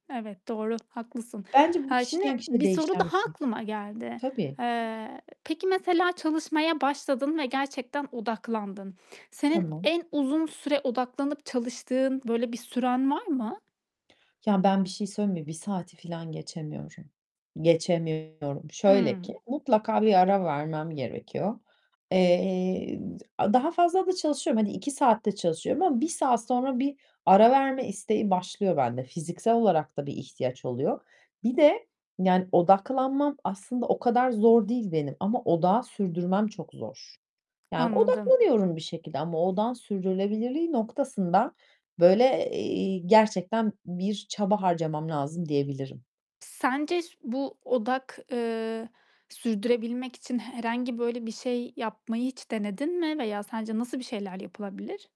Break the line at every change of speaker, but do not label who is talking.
Evet, doğru, haklısın.
Bence bu
Haa, şimdi
kişiden kişiye
bir soru
değişen bir
daha
şey.
aklıma geldi.
Tabii.
Eee, peki mesela çalışmaya başladın ve gerçekten odaklandın. Senin
Tamam.
en uzun süre odaklanıp çalıştığın böyle bir süren var mı?
Ya ben bir şey söyleyeyim mi? 1 saati filan geçemiyorum. Geçemiyorum. Şöyle ki;
Hı.
mutlaka bir ara vermem gerekiyor. Eee, d daha fazla da çalışıyorum. Hani, 2 saatte çalışıyorum ama 1 saat sonra bir ara verme isteği başlıyor bende. Fiziksel olarak da bir ihtiyaç oluyor. Bir de yani odaklanmam aslında o kadar zor değil benim ama odağı sürdürmem çok zor. Yani
Anladım.
odaklanıyorum bir şekilde ama odağın sürdürülebilirliği noktasında böyle, eee, gerçekten bir çaba harcamam lazım diyebilirim.
Sence s bu odak, eee, sürdürebilmek için he herhangi böyle bir şey yapmayı hiç denedin mi veya sence nasıl bir şeyler yapılabilir?